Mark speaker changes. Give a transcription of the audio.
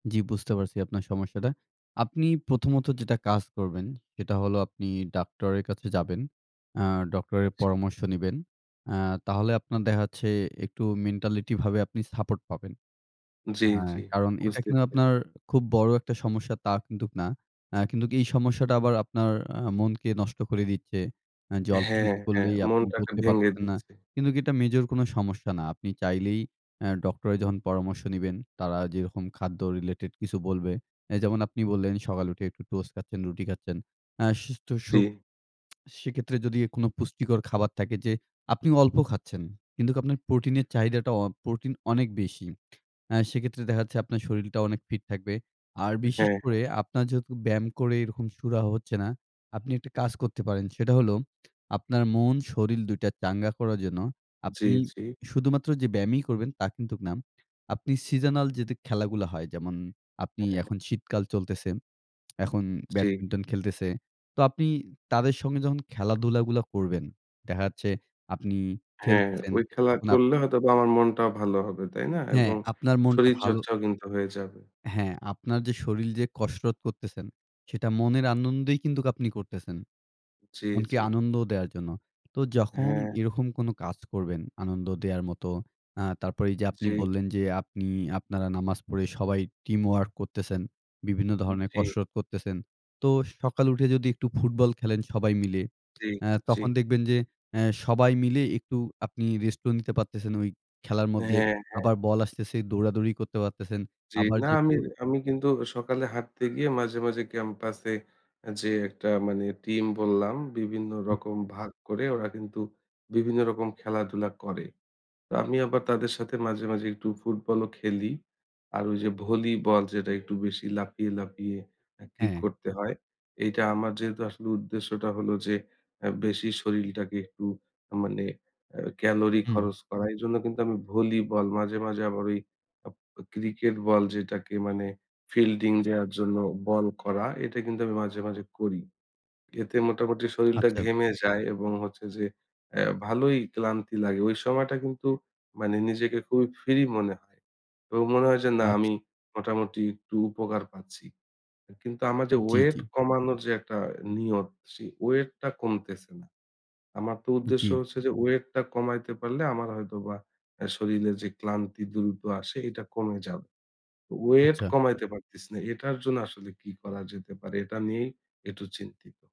Speaker 1: জি, বুঝতে পারছি আপনার সমস্যাটা। আপনি প্রথমত যেটা কাজ করবেন, সেটা হলো আপনি ডাক্তারের কাছে যাবেন। আ ডক্টরের
Speaker 2: আচ্ছা।
Speaker 1: পরামর্শ নিবেন। আ তাহলে আপনার দেখাচ্ছে একটু mentality ভাবে আপনি support পাবেন।
Speaker 2: জি,
Speaker 1: অ্যা
Speaker 2: জি।
Speaker 1: কারণ এটা
Speaker 2: বুঝতে
Speaker 1: কিন্তু আপনার
Speaker 2: পেরেছি।
Speaker 1: খুব বড় একটা সমস্যা তা কিন্তুক না। অ্যা কিন্তু এই সমস্যাটা আবার আপনার অ্যা মনকে নষ্ট করে দিচ্ছে। যে, অল্প
Speaker 2: হ্যাঁ,
Speaker 1: কিছু
Speaker 2: হ্যাঁ।
Speaker 1: করলেই আপনি
Speaker 2: মনটাকে
Speaker 1: করতে
Speaker 2: ভেঙে
Speaker 1: পারতেছেন না।
Speaker 2: দিচ্ছে।
Speaker 1: কিন্তুক কি এটা মেজর কোন সমস্যা না। আপনি চাইলেই অ্যা ডক্টরের যখন পরামর্শ নিবেন তারা যেরকম খাদ্য related কিছু বলবে। অ্যা যেমন আপনি বললেন সকালে উঠে একটু toast খাচ্ছেন, রুটি খাচ্ছেন হ্যাঁ। সুস্থ স
Speaker 2: জি।
Speaker 1: সেক্ষেত্রে যদি কোন পুষ্টিকর খাবার থাকে যে, আপনি অল্প খাচ্ছেন কিন্তু আপনার প্রোটিনের চাহিদাটা অ প্রোটিন অনেক বেশি। অ্যা সেক্ষেত্রে দেখা যাচ্ছে আপনার শরীরটা অনেক fit থাকবে। আর বিশেষ
Speaker 2: হ্যাঁ,
Speaker 1: করে
Speaker 2: হ্যাঁ।
Speaker 1: আপনার যেহেতু ব্যায়াম করে এরকম সুরাহাঁ হচ্ছে না, আপনি একটা কাজ করতে পারেন। সেটা হলো আপনার মন শরীর ২ টা চাঙ্গা করার জন্য
Speaker 2: জি,
Speaker 1: আপনি
Speaker 2: জি।
Speaker 1: শুধুমাত্র যে, ব্যায়ামই করবেন তা কিন্তুক না। আপনি seasonal যে, খেলাগুলো হয়, যেমন আপনি
Speaker 2: হ্যাঁ, হ্যাঁ।
Speaker 1: এখন শীতকাল চলতেছে এখন
Speaker 2: জি।
Speaker 1: ব্যাডমিন্টন খেলতেছে। তো আপনি তাদের সঙ্গে যখন খেলাধুলা গুলো করবেন, দেখা যাচ্ছে আপনি
Speaker 2: হ্যাঁ,
Speaker 1: খেলতেছেন
Speaker 2: ওই খেলা
Speaker 1: তখন আপ
Speaker 2: করলে হয়তোবা আমার মনটাও ভালো হবে, তাই না?
Speaker 1: হ্যাঁ,
Speaker 2: এবং
Speaker 1: আপনার মনটা ভালো
Speaker 2: শরীরচর্চাও কিন্তু হয়ে যাবে।
Speaker 1: হ্যাঁ, আপনার যে, শরীর যে, কসরত করতেছেন সেটা মনের আনন্দেই কিন্তু আপনি করতেছেন।
Speaker 2: জি,
Speaker 1: মনকে
Speaker 2: জি।
Speaker 1: আনন্দ দেওয়ার জন্য। তো যখন
Speaker 2: হ্যাঁ।
Speaker 1: এরকম কোন কাজ করবেন আনন্দ দেওয়ার মতো। অ্যা তারপরে এই যে, আপনি
Speaker 2: জি।
Speaker 1: বললেন যে, আপনারা নামাজ পড়ে সবাই teamwork করতেছেন, বিভিন্ন ধরনের
Speaker 2: জি।
Speaker 1: কসরত করতেছেন। তো সকালে উঠে যদি একটু ফুটবল খেলেন সবাই মিলে
Speaker 2: জি,
Speaker 1: অ্যা
Speaker 2: জি।
Speaker 1: তখন দেখবেন যে, অ্যা সবাই মিলে একটু আপনি rest ও নিতে পারতেছেন খেলার মধ্যে
Speaker 2: হ্যাঁ, হ্যাঁ।
Speaker 1: আবার বল আসতেছে দৌড়াদৌড়ি করতে পারতেছেন।
Speaker 2: জি,
Speaker 1: আবার
Speaker 2: না আমি,
Speaker 1: যেহেতু
Speaker 2: আমি কিন্তু সকালে হাঁটতে গিয়ে মাঝে, মাঝে campus এ যে, একটা মানে team বললাম, বিভিন্ন রকম ভাগ করে ওরা কিন্তু বিভিন্ন রকম খেলাধুলা করে। তো আমি আবার তাদের সাথে মাঝে, মাঝে একটু ফুটবলও খেলি। আর ওই যে, ভলিবল যেটা একটু বেশি লাফিয়ে, লাফিয়ে কিক
Speaker 1: হ্যাঁ।
Speaker 2: করতে হয়, এইটা আমার যেহেতু আসলে উদ্দেশ্যটা হলো যে, বেশি শরীরটাকে একটু মানে এ calorie
Speaker 1: হুম।
Speaker 2: খরচ করা। এইজন্য কিন্তু আমি ভলিবল মাঝে, মাঝে আবার ওই ক্রিকেট বল যেটাকে মানে fielding দেওয়ার জন্য বল করা এটা কিন্তু আমি মাঝে, মাঝে করি। এতে মোটামুটি শরীরটা
Speaker 1: আচ্ছা।
Speaker 2: ঘেমে যায় এবং হচ্ছে যে, অ্যা ভালোই ক্লান্তি লাগে। ঐ সময়টা কিন্তু মানে নিজেকে খুবই free মনে হয়। তো মনে হয় যে, না
Speaker 1: আচ্ছা।
Speaker 2: আমি মোটামুটি একটু উপকার পাচ্ছি। কিন্তু আমার যে,
Speaker 1: জি,
Speaker 2: ওয়েট
Speaker 1: জি।
Speaker 2: কমানোর যে, একটা নিয়ত সেই weight টা কমতেছে না। আমার তো উদ্দেশ্য
Speaker 1: জি।
Speaker 2: হচ্ছে যে, ওয়েট টা কমাইতে পারলে আমার হয়তোবা শরীরে যে, ক্লান্তি দ্রুত আসে এটা কমে যাবে। ওয়েট
Speaker 1: আচ্ছা।
Speaker 2: কমাইতে পারতিস না। এটার জন্য আসলে কি করা যেতে পারে এটা নিয়েই একটু চিন্তিত।